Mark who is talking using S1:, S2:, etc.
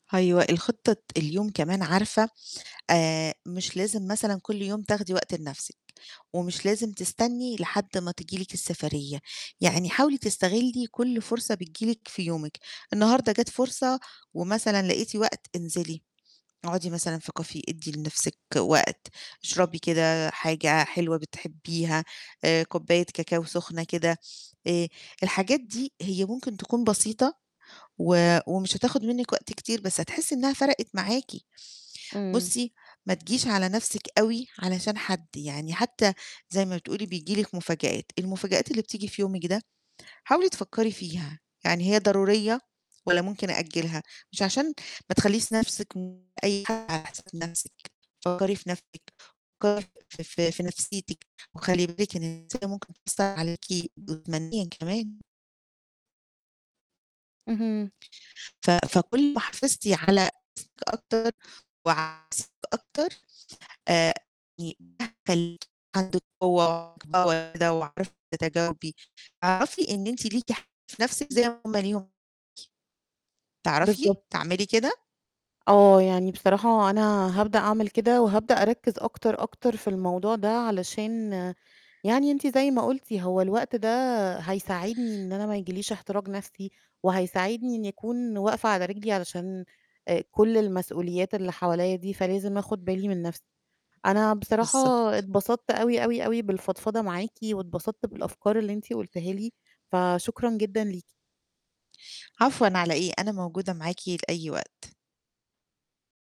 S1: أيوه، الخطة الت اليوم كمان عارفة آآ مش لازم مثلًا كلّ يوم تاخدي وقت لنَفْسِك، ومش لازم تستني لحد ما تيجي لِك السفرية، يعني حاولي تستغلّي كلّ فرصة بتيجي لِك في يومِك، النهارده جات فرصة ومثلًا لقيتِ وقت انزلي، اقعدي مثلًا في Caffe، ادّي لنفسِك وقت، اشربي كده حاجة حلوة بتحبيها، آآ كوباية كاكاو سُخنة كده، آآ الحاجات دي هي ممكن تكون بسيطة و ومش هتاخد منِّك وقت كتير بس هتحسّي إنّها فرقِت معاكِ.
S2: إمم.
S1: بُصّي ما تجيش على نَفْسِك أوي علشان حد، يعني حتّى زي ما بتقولي بييجي لِك مفاجآت، المفاجآت اللي بتيجي في يومِك ده، حاولي تفكّري فيها، يعني هي ضرورية والَّا ممكن أأجّلها، مش عشان ما تخلّيش نِفْسِك من أي [unintelligible] في نِفْسِك، فكّري في نَفْسِك، فكّري في في في نفْسيتِك، وخلّي بالِك إن النفْسية ممكن تكون بتأثّر عليكِ جسمانيًا كمان.
S2: اهم.
S1: ف فكلّ ما حافظتِ على نَفْسِك أكتر وعلى [unintelligible] أكتر، آآ يعني ده هيخلّيكِ عندِك قوة [unintelligible] وعارفة تتجاوبي، اعرفي إن أنتِ ليكِ حق في نَفْسِك زي ما هُم ليهم تعرفي
S2: بالضبط.
S1: تعملي كده؟
S2: آه، يعني بصراحة أنا هابدأ أعمل كده وهابدأ أركّز أكتر، أكتر في الموضوع ده علشان يعني أنتِ زي ما قُلتِ هو الوقت ده هيساعدني إن أنا ما ييجي ليش احتراق نَفْسي، وهيساعدني إنّي أكون واقفة على رجلي علشان آآ كلّ المسؤوليات اللي حوليّا دي فلازم آخُد بالي من نَفْسي. أنا بصراحة
S1: بالضبط.
S2: اتبسطت أوي، أوي، أوي، بالفضفضة معاكِ واتبسطت بالأفكار اللي أنتِ قُلتيها لي، فشكرًا جدًا ليكِ.
S1: عفوًا على إيه، أنا موجودة معاكِ لأي وقت.